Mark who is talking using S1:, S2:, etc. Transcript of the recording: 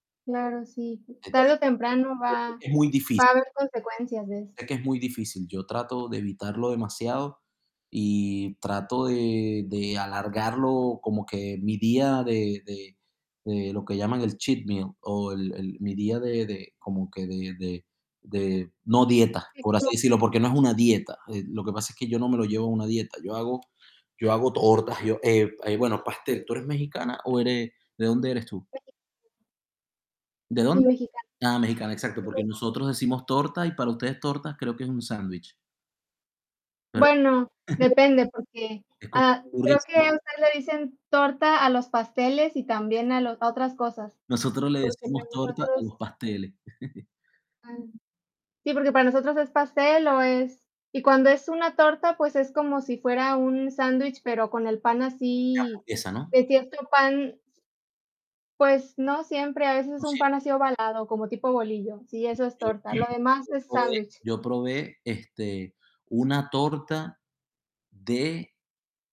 S1: Claro, sí.
S2: [unintelligible]
S1: Tarde
S2: Entonces
S1: o temprano,
S2: yo creo
S1: va
S2: que muy difícil.
S1: va a haber consecuencias de eso.
S2: Es que es muy difícil. Yo trato de evitarlo demasiado y trato de de alargarlo, como que mi día de de de lo que llaman el cheat meal, o el el mi día de de como que de de de, no dieta, por así
S1: [unintelligible]
S2: decirlo, porque no es una dieta, eh, lo que pasa es que yo no me lo llevo a una dieta, yo hago yo hago tortas, yo eh, eh, bueno, pastel, ¿tú eres mexicana o eres de dónde eres tú?
S1: [unintelligible]
S2: ¿De
S1: Soy
S2: dónde?
S1: Mexicana.
S2: Ah, mexicana, exacto, porque
S1: [unintelligible]
S2: nosotros decimos torta, y para ustedes, torta, creo que es un sándwich. ¿Verdad?
S1: Bueno, depende, porque,
S2: Es como un
S1: ah,
S2: [unintelligible]
S1: creo que
S2: sí.
S1: ustedes le dicen torta a los pasteles, y también a los otras cosas.
S2: Nosotros le
S1: Porque el de
S2: decimos torta a
S1: nosotros
S2: los
S1: sí.
S2: pasteles.
S1: Am, sí, porque para nosotros es pastel, o es y cuando es una torta, pues es como sí fuera un sándwich, pero con el pan
S2: Y
S1: así
S2: hamburguesa, ¿no?
S1: de cierto pan. Pues no siempre, a veces es
S2: No
S1: un
S2: siem
S1: pan así, ovalado, como tipo bolillo, sí, eso es
S2: Mira, yo
S1: torta, lo demás
S2: yo
S1: es
S2: probé
S1: sándwich.
S2: yo probé, este, una torta de